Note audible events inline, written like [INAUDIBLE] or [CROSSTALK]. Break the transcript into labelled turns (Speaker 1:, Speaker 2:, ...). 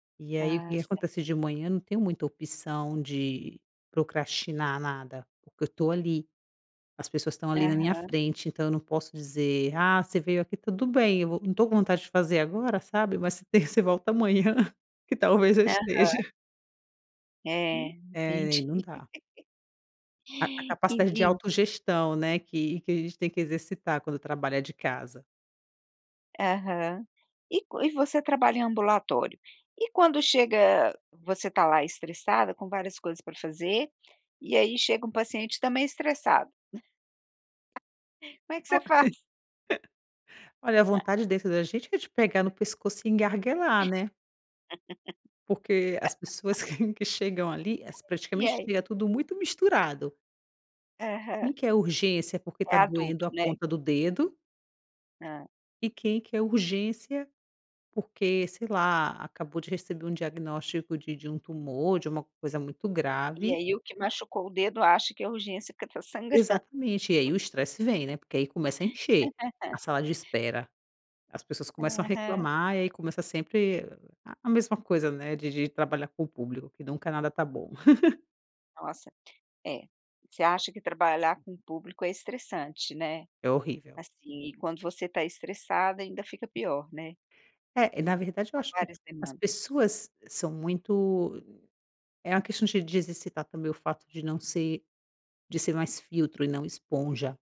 Speaker 1: E aí o que
Speaker 2: Ah,
Speaker 1: que
Speaker 2: certo.
Speaker 1: acontece: de manhã não tenho muita opção de procrastinar nada, porque eu estou ali, as pessoas estão ali na minha
Speaker 2: Aham.
Speaker 1: frente, então eu não posso dizer: "Ah, você veio aqui, tudo bem, eu vou não estou com vontade de fazer agora, sabe. Mas se tem você volta amanhã, que talvez eu esteja".
Speaker 2: Aham. Eh,
Speaker 1: É,
Speaker 2: entendi.
Speaker 1: ai não dá.
Speaker 2: [LAUGHS]
Speaker 1: A a capacidade de
Speaker 2: Entendi.
Speaker 1: autogestão, né, que que a gente tem que exercitar quando trabalha de casa.
Speaker 2: Aham. E c e você trabalha em ambulatório. E quando chega você está lá estressada, com várias coisas pra fazer, e aí chega um paciente também estressado. [LAUGHS] Como é que
Speaker 1: Ó,
Speaker 2: você faz?
Speaker 1: [LAUGHS] Olha a
Speaker 2: [CHUCKLES]
Speaker 1: vontade dentro da gente é de pegar no pescoço e engarguelar, né. Porque as
Speaker 2: [LAUGHS]
Speaker 1: pessoas que [CHUCKLES] que chegam ali, es
Speaker 2: E
Speaker 1: praticamente
Speaker 2: aí?
Speaker 1: é tudo muito misturado. Quem
Speaker 2: Aham.
Speaker 1: quer urgência porque
Speaker 2: É
Speaker 1: está doendo a
Speaker 2: adulto, né?
Speaker 1: ponta do dedo
Speaker 2: Hã.
Speaker 1: e quem quer urgência porque, sei lá, acabou de receber um diagnóstico de de um tumor, de uma coisa muito
Speaker 2: E
Speaker 1: grave.
Speaker 2: aí o que machucou o dedo acha que é urgência porque está sangrando.
Speaker 1: Exatamente. E aí o estresse vem,
Speaker 2: [LAUGHS]
Speaker 1: né, porque aí começa a encher, a
Speaker 2: [LAUGHS]
Speaker 1: sala de espera, as pessoas começam a
Speaker 2: Aham.
Speaker 1: reclamar, e aí começa sempre a mesma coisa, né, de de trabalhar com o público, que nunca nada está bom. [CHUCKLES]
Speaker 2: Nossa, é. Você acha que trabalhar com o público é estressante, né?
Speaker 1: É horrível.
Speaker 2: Assim, e quando você está estressada ainda fica pior, né.
Speaker 1: É, na verdade eu
Speaker 2: São
Speaker 1: acho que
Speaker 2: várias
Speaker 1: as
Speaker 2: demandas.
Speaker 1: pessoas são muito é uma questão de de exercitar também o fato de não ser de ser mais filtro e não esponja.